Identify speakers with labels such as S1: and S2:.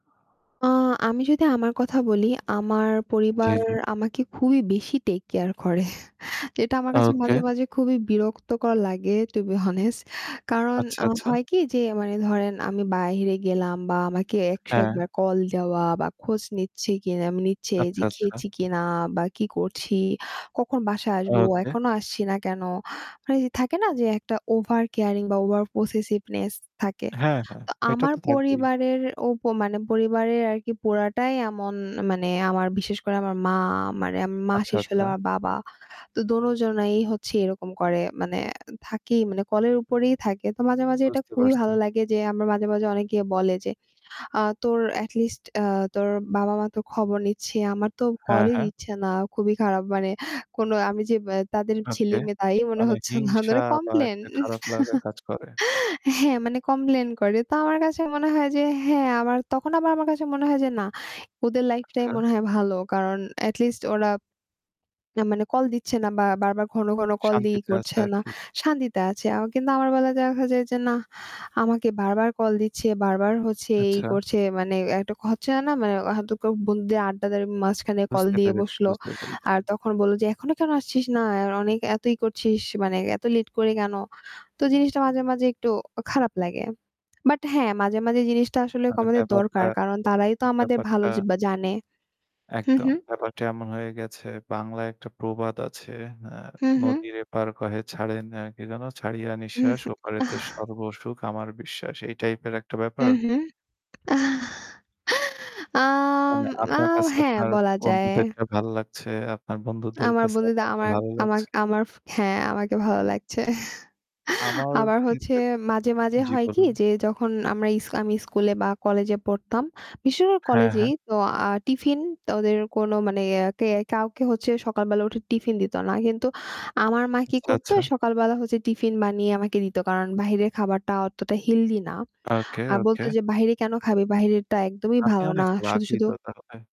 S1: আ আমি যদি আমার কথা বলি আমার
S2: জি,
S1: পরিবার
S2: জি।
S1: আমাকে খুবই বেশি টেক কেয়ার করে। এটা আমার কাছে
S2: ওকে।
S1: মাঝে, মাঝে খুবই বিরক্তকর লাগে টু বি হনেস্ট কারণ
S2: আচ্ছা,
S1: আ
S2: আচ্ছা।
S1: হয় কি যে মানে ধরেন আমি বাইরে গেলাম বা আমাকে ১০১
S2: হ্যাঁ।
S1: বার কল দেওয়া বা খোঁজ নিচ্ছি কিনা, নিচ্ছে যে
S2: আচ্ছা, আচ্ছা।
S1: খেয়েছি কিনা বা কি করছি, কখন বাসায় আসবো
S2: ওকে।
S1: এখনও আসছি। না কেন? মানে থাকে না যে একটা ওভার কেয়ারিং বা ওভারপসেসিভনেস থাকে।
S2: হ্যাঁ, হ্যাঁ,
S1: তো
S2: এটা
S1: আমার
S2: তো থাকবেই।
S1: পরিবারের ও ব মানে পরিবারের আরকি পোড়াটাই এমন মানে আমার বিশেষ করে আমার মা মারে মা
S2: আচ্ছা,
S1: শেষ হলে
S2: আচ্ছা।
S1: আমার বাবা। তো দোনোজনেই হচ্ছে এরকম করে মানে থাকি মানে কলের উপরেই থাকে। তো মাঝে, মাঝে এটা
S2: বুঝতে
S1: খুবই
S2: পারছি।
S1: ভালো লাগে যে আমার মাঝে, মাঝে অনেকে বলে, যে আ "তোর এটি লিস্ট আ তোর বাবা-মা তো খবর নিচ্ছে। আমার তো
S2: হ্যাঁ,
S1: কলই
S2: হ্যাঁ।
S1: দিচ্ছে না। খুবই খারাপ মানে কোন আমি যে ব্যা তাদের
S2: ওকে
S1: ছেলে-মেয়ে তাই মনে
S2: মানে
S1: হচ্ছে না"
S2: হিংসা
S1: মানে
S2: বা
S1: কমপ্লেইন
S2: একটা খারাপ লাগা কাজ করে।
S1: হ্যাঁ, মানে কমপ্লেইন করে। তো আমার কাছে মনে হয় যে হ্যাঁ তখন আবার আমার কাছে মনে হয় যে না ওদের লাইফ টাই
S2: আচ্ছা।
S1: মনে হয় ভালো। কারণ এটি লিস্ট ওরা মানে কল দিচ্ছে না বা বারবার ঘন, ঘন কল দিয়ে ই
S2: শান্তিতে আছে
S1: করছে না
S2: আরকি।
S1: শান্তিতে আছে অ কিন্তু আমার বেলায় দেখা যায় যে না আমাকে বারবার কল দিচ্ছে বারবার হচ্ছে এই
S2: আচ্ছা।
S1: করছে মানে একটা হচ্ছে না, মানে এখন তো ক বন্ধুদের আড্ডাদের মাঝখানে কল
S2: বুঝতে
S1: দিয়ে
S2: পেরেছি,
S1: বসল।
S2: বুঝতে পেরেছি।
S1: আর তখন বললো যে "এখনো কেন আসছিস না? আর অনেক এত ই করছিস মানে এত লেট করে কেন?" তো জিনিসটা মাঝে, মাঝে একটু খারাপ লাগে বাট হ্যাঁ, মাঝে, মাঝে জিনিসটা আসলে
S2: মানে
S1: আমাদের
S2: ব্যাপারটা,
S1: দরকার কারণ তারাই তো আমাদের ভালো
S2: ব্যাপারটা
S1: য জানে। হুম,
S2: একদম
S1: হুম।
S2: ব্যাপারটা এমন হয়ে গেছে। বাংলায় একটা প্রবাদ আছে। অ্যা
S1: হু, হু
S2: "নদীর এপার কহে ছাড়ে না কি যেন ছাড়িয়া নিঃশ্বাস
S1: উহু
S2: ওপারেতে
S1: আহ!
S2: সর্বসুখ আমার বিশ্বাস" এই টাইপের একটা
S1: হু,
S2: ব্যাপার?
S1: হু। আহ! আম
S2: মানে
S1: আ
S2: আপনার কাছে
S1: হ্যাঁ,
S2: আপনার
S1: বলা যায়।
S2: বন্ধুদেরটা ভাল লাগছে। আপনার বন্ধুদের
S1: আমার
S2: কাছে
S1: বন্ধুদা
S2: আপনারটা
S1: আমার
S2: ভালো
S1: আমার
S2: লাগছে।
S1: আমার হ্যাঁ আমাকে ভালো লাগছে।
S2: আমার
S1: আবার হচ্ছে
S2: ক্ষেত্রে
S1: মাঝে, মাঝে
S2: জি
S1: হয় কি
S2: বলুন।
S1: যে যখন আমরা ইসলামি স্কুলে বা কলেজে পড়তাম বেশির ভাগ
S2: হ্যাঁ,
S1: কলেজেই
S2: হ্যাঁ।
S1: তো আ টিফিন তো ওদের কোনো মানে ইয়া কে কাউকে হচ্ছে সকালবেলা উঠে টিফিন দিতো না কিন্তু আমার মা কি
S2: আচ্ছা,
S1: করতো
S2: আচ্ছা।
S1: সকালবেলা হচ্ছে টিফিন বানিয়ে আমাকে দিত কারণ বাহিরের খাবারটা অতটা হেলদি না
S2: ওকে,
S1: আর
S2: ওকে।
S1: বলতো যে "বাইরে কেন খাবি বাইরেরটা একদমই
S2: আপনি
S1: ভালো না
S2: অনেক
S1: শুধু,
S2: লাকি
S1: শুধু"
S2: তো তাহলে।